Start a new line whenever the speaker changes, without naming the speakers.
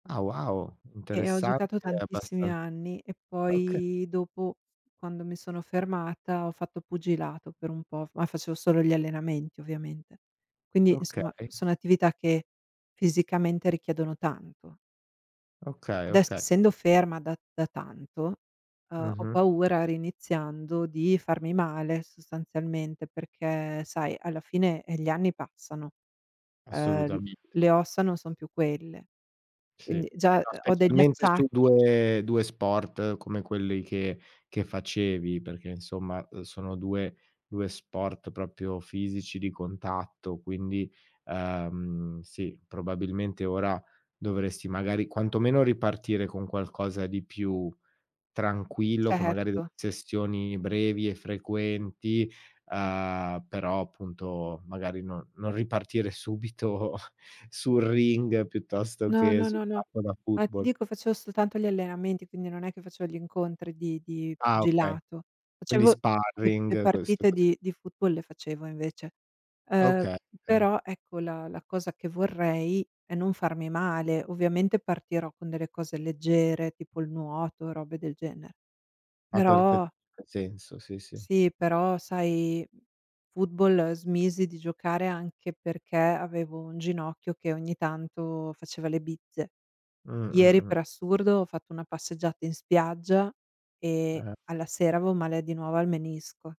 Ah, wow,
Eh, ho
interessante
giocato
e
tantissimi
abbastan
anni e
oka
poi dopo, quando mi sono fermata, ho fatto pugilato per un po', f ma facevo solo gli allenamenti ovviamente. Quindi, insomma,
Okay.
sono attività che fisicamente richiedono tanto.
Okay,
Adesso
okay.
essendo ferma da da tanto, uhm, ho
Mh-mh.
paura riiniziando, di farmi male sostanzialmente, perché sai alla fine, eh, gli anni passano, ehm, l
Assolutamente.
le ossa non son più quelle,
Sì.
quindi già,
No,
ehm, ho degli
specialmente su
acciacchi.
due due sport come quelli che che facevi, perché insomma, uhm, sono due due sport proprio fisici, di contatto, quindi, ehm, sì, probabilmente ora dovresti magari quantomeno ripartire con qualcosa di più tranquillo, con magari de
Certo.
sessioni brevi e frequenti, uhm, però appunto magari no non ripartire subito sul ring piuttosto
No,
che
no,
sul
no, no.
campo da
Ma ti
football.
dico facevo soltanto gli allenamenti, quindi non è che facevo gli incontri di di
Ah okay,
pugilato.
quindi
Facevo le le
sparring, queste
partite
cose
di di football le facevo invece; uhm,
Oka okay.
però ecco la la cosa che vorrei è non farmi male. Ovviamente partirò con delle cose leggere tipo il nuoto, robe del genere.
Ha perfe
Però
senso. Sì, sì.
Sì, però sai, mhmm, football smisi di giocare anche perché avevo un ginocchio che ogni tanto faceva le bizze.
Mh,
Ieri,
mh,
per
mh.
assurdo, ho fatto una passeggiata in spiaggia e
Eh-eh.
alla sera avevo male di nuovo al menisco.